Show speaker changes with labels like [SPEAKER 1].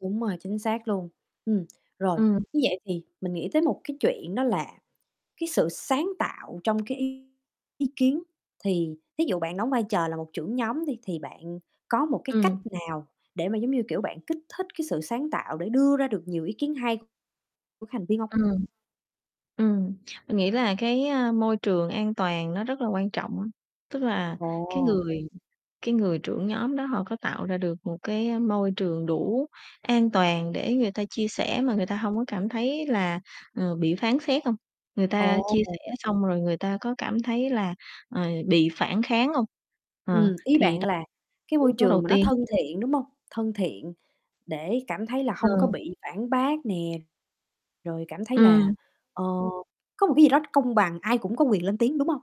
[SPEAKER 1] Đúng rồi, chính xác luôn. Ừm, rồi,
[SPEAKER 2] Ừm.
[SPEAKER 1] như vậy thì mình nghĩ tới một cái chuyện đó là cái sự sáng tạo trong cái ý kiến, thì thí dụ bạn đóng vai trò là một trưởng nhóm đi, thì bạn có một cái cách
[SPEAKER 2] Ừm.
[SPEAKER 1] nào để mà, giống như kiểu, bạn kích thích cái sự sáng tạo để đưa ra được nhiều ý kiến hay của thành viên hông?
[SPEAKER 2] Ừm. Ừm, mình nghĩ là cái, ơ, môi trường an toàn nó rất là quan trọng, tức là cái
[SPEAKER 1] Ồ.
[SPEAKER 2] người cái người trưởng nhóm đó họ có tạo ra được một cái, a, môi trường đủ an toàn để người ta chia sẻ mà người ta hông có cảm thấy là, ờ, bị phán xét hông? Người ta chia
[SPEAKER 1] Ồ.
[SPEAKER 2] sẻ xong rồi người ta có cảm thấy là, ờ, bị phản kháng hông? Ờ,
[SPEAKER 1] Ừm, ý
[SPEAKER 2] thì
[SPEAKER 1] bạn
[SPEAKER 2] đó
[SPEAKER 1] là cái môi
[SPEAKER 2] yếu tố
[SPEAKER 1] trường
[SPEAKER 2] đầu
[SPEAKER 1] mà nó
[SPEAKER 2] tiên
[SPEAKER 1] thân thiện, đúng hông? Thân thiện để cảm thấy là hông có
[SPEAKER 2] Ờ.
[SPEAKER 1] bị phản bác nè, rồi cảm thấy là,
[SPEAKER 2] Ừm.
[SPEAKER 1] ờ, có một cái gì đó công bằng ai cũng có quyền lên tiếng, đúng hông?